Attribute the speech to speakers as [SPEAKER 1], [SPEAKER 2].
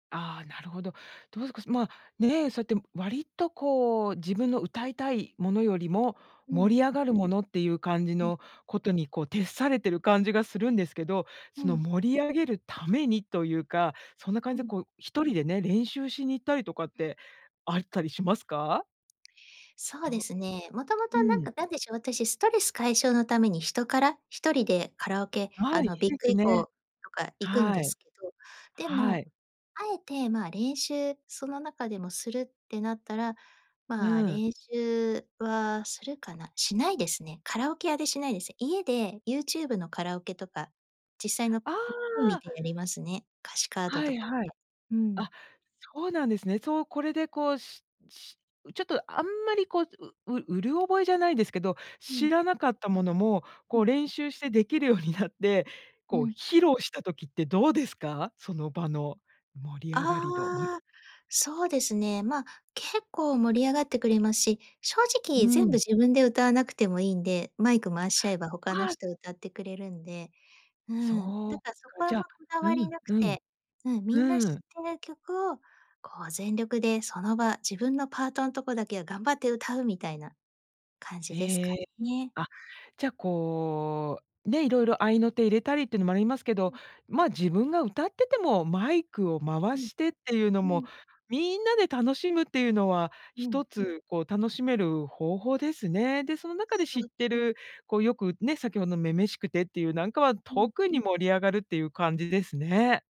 [SPEAKER 1] ああ、なるほど。どうすこすまあ、ね。そうやって割とこう、自分の歌いたいものよりも、
[SPEAKER 2] うん。
[SPEAKER 1] 盛り上がるものっていう感じ
[SPEAKER 2] うん。
[SPEAKER 1] のことにこう徹されてる感じがするんですけど、
[SPEAKER 2] う
[SPEAKER 1] その
[SPEAKER 2] ん。
[SPEAKER 1] 盛り上げるためにというか、そんな感
[SPEAKER 2] う
[SPEAKER 1] じで
[SPEAKER 2] ん。
[SPEAKER 1] こう、1人でね、練習しに行ったりとかってあいったりしますか？ひ
[SPEAKER 2] そうで
[SPEAKER 1] と
[SPEAKER 2] すね。もとも
[SPEAKER 1] う
[SPEAKER 2] となん
[SPEAKER 1] ん。
[SPEAKER 2] か、何でしょう。私ストレス解消のためにヒトカラ。1人でカラオケ、
[SPEAKER 1] は
[SPEAKER 2] あ
[SPEAKER 1] い。い
[SPEAKER 2] の
[SPEAKER 1] い
[SPEAKER 2] ビッ
[SPEAKER 1] で
[SPEAKER 2] グ
[SPEAKER 1] す
[SPEAKER 2] エコー
[SPEAKER 1] ね。
[SPEAKER 2] とか行くん
[SPEAKER 1] は
[SPEAKER 2] で
[SPEAKER 1] い。
[SPEAKER 2] すけど、で
[SPEAKER 1] は
[SPEAKER 2] も、
[SPEAKER 1] い。
[SPEAKER 2] あえてまあ、練習その中でもするってなったら、まあ
[SPEAKER 1] うん。
[SPEAKER 2] 練習はするかな。しないですね。カラオケ屋でしないです。家で YouTube のカラオケとか、実際の
[SPEAKER 1] あ
[SPEAKER 2] PV 見
[SPEAKER 1] あ。
[SPEAKER 2] てやりますね。歌詞カード
[SPEAKER 1] は
[SPEAKER 2] と
[SPEAKER 1] い
[SPEAKER 2] かって。
[SPEAKER 1] はい。
[SPEAKER 2] う
[SPEAKER 1] あ、
[SPEAKER 2] ん。
[SPEAKER 1] そうなんですね。そう、これでこう、ししうちょっとあんまりこう、うううろ覚えじゃないですけど、
[SPEAKER 2] う
[SPEAKER 1] 知
[SPEAKER 2] ん。
[SPEAKER 1] らなかったものも、
[SPEAKER 2] う
[SPEAKER 1] こう
[SPEAKER 2] ん。
[SPEAKER 1] 練習してできるようになって、こ
[SPEAKER 2] う
[SPEAKER 1] う
[SPEAKER 2] ん。
[SPEAKER 1] 披露した時ってどうですか？その場の盛り上がり度。ん
[SPEAKER 2] ああ、そうですね。まあ、結構盛り上がってくれますし、正直
[SPEAKER 1] う
[SPEAKER 2] 全部
[SPEAKER 1] ん。
[SPEAKER 2] 自分で歌わなくてもいいんで、マイク回しちゃえば他の
[SPEAKER 1] ああ。
[SPEAKER 2] 人歌ってくれるんで、う
[SPEAKER 1] そ
[SPEAKER 2] ん。だ
[SPEAKER 1] うか。
[SPEAKER 2] からそこ、あ
[SPEAKER 1] じ
[SPEAKER 2] んま、
[SPEAKER 1] ゃ、
[SPEAKER 2] こだ
[SPEAKER 1] う
[SPEAKER 2] わり
[SPEAKER 1] ん
[SPEAKER 2] なく
[SPEAKER 1] うん。
[SPEAKER 2] て。うん。みんな知
[SPEAKER 1] うー
[SPEAKER 2] っ
[SPEAKER 1] ん。
[SPEAKER 2] てる曲をこう全力でその場、自分のパートんとこだけは頑張って歌うみたいな感じですか
[SPEAKER 1] ええ。
[SPEAKER 2] ね。
[SPEAKER 1] あ、じゃこう、ね。いろいろ合いの手入れたりっていうのもありますけ
[SPEAKER 2] う
[SPEAKER 1] ど、
[SPEAKER 2] ん。
[SPEAKER 1] まあ、自分が歌ってても、マイクを回
[SPEAKER 2] うん。
[SPEAKER 1] してっていうの
[SPEAKER 2] う
[SPEAKER 1] も、
[SPEAKER 2] ん。
[SPEAKER 1] みんなで楽しむっていうのは、
[SPEAKER 2] うん。
[SPEAKER 1] 一つこう楽しめる方法ですね。で、その中で
[SPEAKER 2] そ
[SPEAKER 1] 知っ
[SPEAKER 2] う。
[SPEAKER 1] てる、こうよくね、先ほど、女々しくてっていうなんかは、
[SPEAKER 2] うん。
[SPEAKER 1] 特に盛り上がるっていう感じですね。